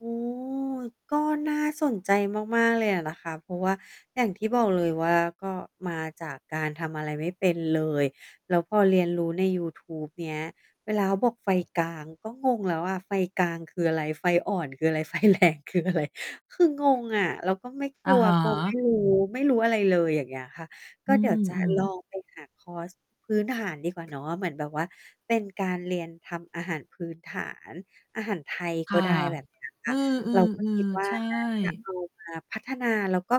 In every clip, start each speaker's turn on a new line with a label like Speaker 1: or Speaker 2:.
Speaker 1: โอ้ ก็น่าสนใจมาก ๆ เลยอะนะคะ เพราะว่าอย่างที่บอกเลยว่า ก็มาจากการทำอะไรไม่เป็นเลย แล้วพอเรียนรู้ในยูทูบเนี้ย เวลาเขาบอกไฟกลาง ก็งงแล้วอะ ไฟกลางคืออะไร? ไฟอ่อนคืออะไร? ไฟแรงคืออะไร? คืองงอะ แล้วก็ไม่ก
Speaker 2: อ
Speaker 1: ล
Speaker 2: ะ
Speaker 1: ัว
Speaker 2: ฮ
Speaker 1: กลัว ไม
Speaker 2: ะ
Speaker 1: ่รู้ ไม่รู้อะไรเลย อย่างเงี้ยค่ะ ก
Speaker 2: อื
Speaker 1: ็เดี๋ยวจะ
Speaker 2: ม
Speaker 1: ลอ
Speaker 2: ๆ
Speaker 1: ง ไปหาคอร์สพื้นฐานดีกว่าเนาะ เหมือนแบบว่าเป็นการเรียนทำอาหารพื้นฐาน อาหารไทย
Speaker 2: ค
Speaker 1: ก
Speaker 2: ่
Speaker 1: ็
Speaker 2: ะ
Speaker 1: ได้แบบ เนี้ย ค
Speaker 2: อื
Speaker 1: ่ะ เรา ก็คิ
Speaker 2: อ
Speaker 1: ด
Speaker 2: ๆ
Speaker 1: ว่
Speaker 2: ๆ ใ
Speaker 1: า
Speaker 2: ช่
Speaker 1: น่าจะเอามา พัฒนา แล้วก็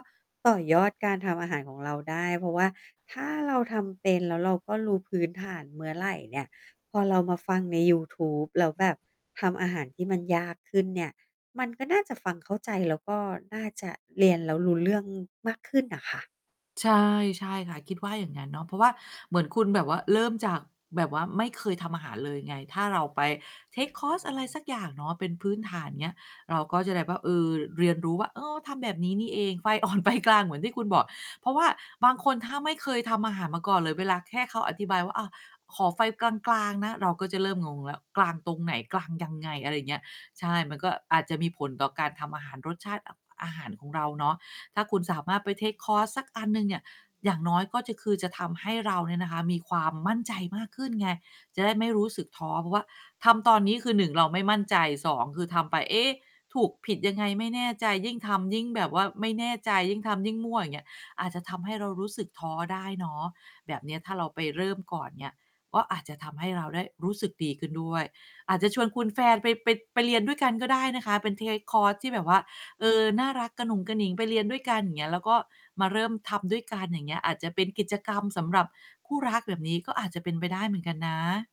Speaker 1: ต่อยอดการทำอาหารของเราได้ เพราะว่าถ้าเราทำเป็นแล้วเราก็รู้พื้นฐานเมื่อไหร่เนี่ย พอเรามาฟังในยูทูบ แล้วแบบทำอาหารที่มันยากขึ้นเนี่ย มันก็น่าจะฟังเข้าใจ แล้วก็น่าจะเรียนแล้วรู้เรื่องมากขึ้นน่ะค่ะ
Speaker 2: ใช่ ใช่ค่ะ คิดว่าอย่างนั้นเนาะ เพราะว่าเหมือนคุณแบบว่า เริ่มจากแบบว่าไม่เคยทำอาหารเลยไง ถ้าเราไป เทกคอร์ส อะไรสักอย่างเนาะ เป็นพื้นฐานอย่างเงี้ย เราก็จะได้แบบว่า เออ เรียนรู้ว่า อ้อ ทำแบบนี้นี่เอง ไฟ อ่อน ไฟกลาง เหมือนที่คุณบอก เพราะว่าบางคน ถ้าไม่เคยทำอาหารมาก่อนเลย เวลาแค่เขาอธิบายว่า อ่า ขอไฟกลาง ๆ นะ เราก็จะเริ่มงงแล้ว กลางตรงไหน? กลางยังไง? อะไรอย่างเงี้ย ใช่ มันก็อาจจะมีผลต่อการทำอาหาร รสชาติ อ อาหารของเราเนาะ ถ้าคุณสามารถไป เทกคอร์ส สักอันหนึ่งเนี่ย อย่างน้อยก็จะ คือจะทำให้เราเนี่ยนะคะมีความมั่นใจมากขึ้นไง จะได้ไม่รู้สึกท้อ เพราะว่าทำตอนนี้คือ 1 เราไม่มั่นใจ 2 คือทำไป เอ๊ะ ถูกผิดยังไงไม่แน่ใจ ยิ่งทำยิ่งแบบว่าไม่แน่ใจ ยิ่งทำยิ่งมั่ว อย่างเงี้ย อาจจะทำให้เรารู้สึกท้อได้เนาะ แบบเนี้ย ถ้าเราไปเริ่มก่อนเนี่ย ก็อาจจะทำให้เราได้รู้สึกดีขึ้นด้วย อาจจะชวนคุณแฟนไป ไป ไปเรียนด้วยกันก็ได้นะคะ เป็น เทกคอร์ส ที่แบบว่า เออ น่ารักกะหนุงกะหนิงไปเรียนด้วยกัน อย่างเงี้ยแล้ว ก็มาเริ่มทำด้วยกัน อย่างเงี้ย อาจจะเป็นกิจกรรมสำหรับคู่รัก แบบนี้ก็อาจจะเป็นไปได้เหมือนกันนะ